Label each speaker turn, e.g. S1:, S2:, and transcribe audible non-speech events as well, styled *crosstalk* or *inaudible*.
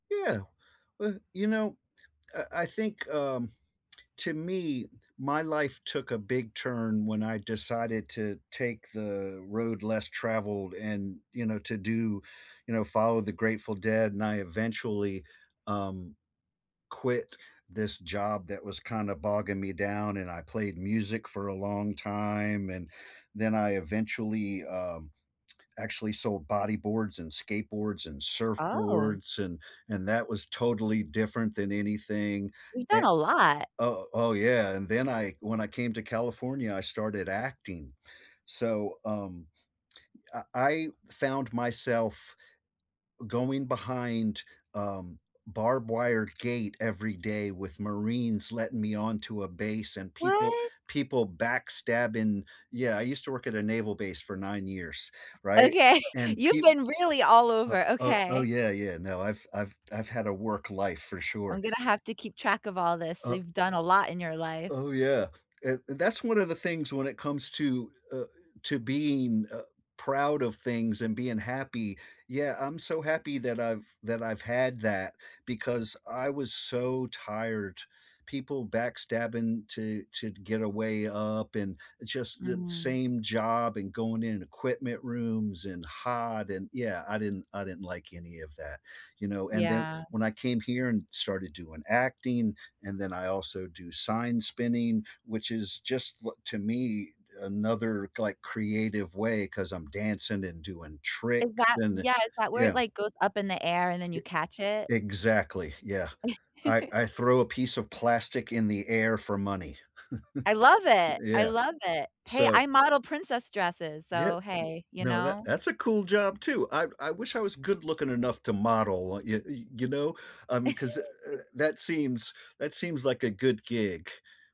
S1: Yeah, w you know, I I think, um, *tsk* to me, my life took a big turn when I decided to take the road less traveled and, you know, to do you know, follow the Grateful Dead, and I eventually, um, quit this job that was kinda bogging me down, and I played music for a long time, and then I eventually, um, *tsk* actually sold bodyboards and skateboards and
S2: Oh.
S1: surfboards, and and that was totally different than anything,
S2: You've done
S1: an
S2: a lot.
S1: Oh oh yeah. And then I when I came to California, I started acting. So, um, uh I I found myself going behind, um, barbed wire gate every day with marines letting me onto a base and people
S2: What?
S1: people backstabbing yeah I used to work at a naval base for 9 years right?
S2: Okay,
S1: And
S2: you've
S1: peep
S2: been really all
S1: o
S2: over,
S1: o oh,
S2: okay.
S1: yeah yeah no I've I've I've had a work life for
S2: I'm
S1: sure.
S2: gonna have to keep track of all this,
S1: Oh
S2: you've done a lot in your life.
S1: Oh yeah, eh that's one of the things when it comes to, uh eh, to being, uh, proud of things and being happy. Yeah, I'm so happy that I've that I've had that because I was so tired. People backstabbing to to get a way up and just the
S2: Mm.
S1: same job and going in equipment rooms and hot and, yeah, I didn't I didn't like any of that, you know? And then
S2: Yeah.
S1: when I came here and started doing acting, and then I also do sign spinning, which is just li to me another, like, creative way 'cause I'm dancing and doing
S2: Is
S1: tricks
S2: that
S1: and the
S2: yeah is that where it
S1: yeah.
S2: like goes up in the air and then
S1: E
S2: you catch it?
S1: Exactly, yeah I
S2: *giggles*
S1: I throw a piece of plastic in the air for money.
S2: I
S1: *chuckles*
S2: love it, I
S1: Yeah.
S2: love it. Hey,
S1: So
S2: I model princess dresses,
S1: Yeah
S2: so hey. You
S1: no that
S2: know?
S1: that's a cool job too. I I wish I was good looking enough to model, y y you know? I mean, 'cause eh eh
S2: *laughs*
S1: that seems that seems like a good gig.